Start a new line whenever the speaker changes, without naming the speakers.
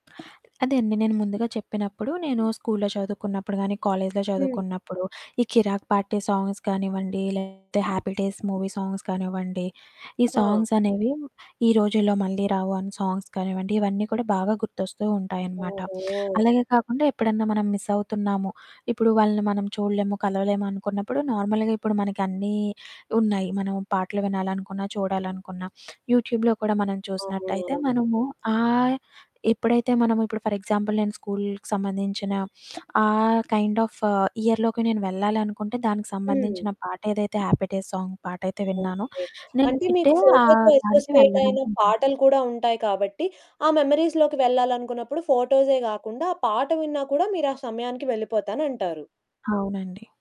అదే అండి, నేను ముందుగా చెప్పినప్పుడు, నేను స్కూలులో చదువుకున్నప్పుడు కానీ కాలేజిలో
హ్మ్.
చదువుకున్నప్పుడు ఈ 'కిరాక్ పార్టీ' సాంగ్స్ కానివ్వండి, లేకపోతే 'హ్యాపీ డేస్' మూవీ సాంగ్స్ కానివ్వండి, ఈ
ఆ!
సాంగ్స్ అనేవి, ఈ రోజుల్లో మళ్ళీ రావు అని సాంగ్స్ కానివ్వండి, ఇవన్నీ కూడా బాగా గుర్తొస్తూ ఉంటాయనమాట.
ఓహొ!
అలాగే కాకుండా ఎప్పుడన్నా మనం మిస్ అవుతున్నాము, ఇప్పుడు వాళ్ళని మనం చూడలేము, కలవలేము అనుకున్నప్పుడు నార్మల్‌గా ఇప్పుడు మనకి అన్నీ ఉన్నాయి, మనం పాటలు వినాలనుకున్నా, చూడాలనుకున్న, యూట్యూబ్‌లో కూడా మనం చూసినట్టయితే
అవునవును.
మనము ఆహ్, ఎప్పుడైతే మనము ఇప్పుడు ఫర్ ఎగ్జాంపుల్ నేను స్కూలుకి సంబంధించిన, ఆ కైండ్ ఆఫ్ ఆహ్, ఇయర్‌లోకి నేను వెళ్ళాలనుకుంటే, దానికి
హ్మ్.
సంబంధించిన పాటేదైతే 'హ్యాపీ డేస్' సాంగ్ పాటయితే విన్నానో,
ఓకె.
నేను
అంటే మీకు
ఇట్టే ఆ
ఫోటోతో
దానికి,
అసోసియేట్ అయిన
వెళ్ళడానికి ఉంటుంది.
పాటలు కూడా ఉంటాయి కాబట్టి, ఆ మెమోరీస్‌లోకి వెళ్ళాలనుకున్నప్పుడు, ఫోటోసే కాకుండా, ఆ పాట విన్నా కూడా, మీరు ఆ సమయానికి వెళ్ళిపోతానంటారు.
అవునండి.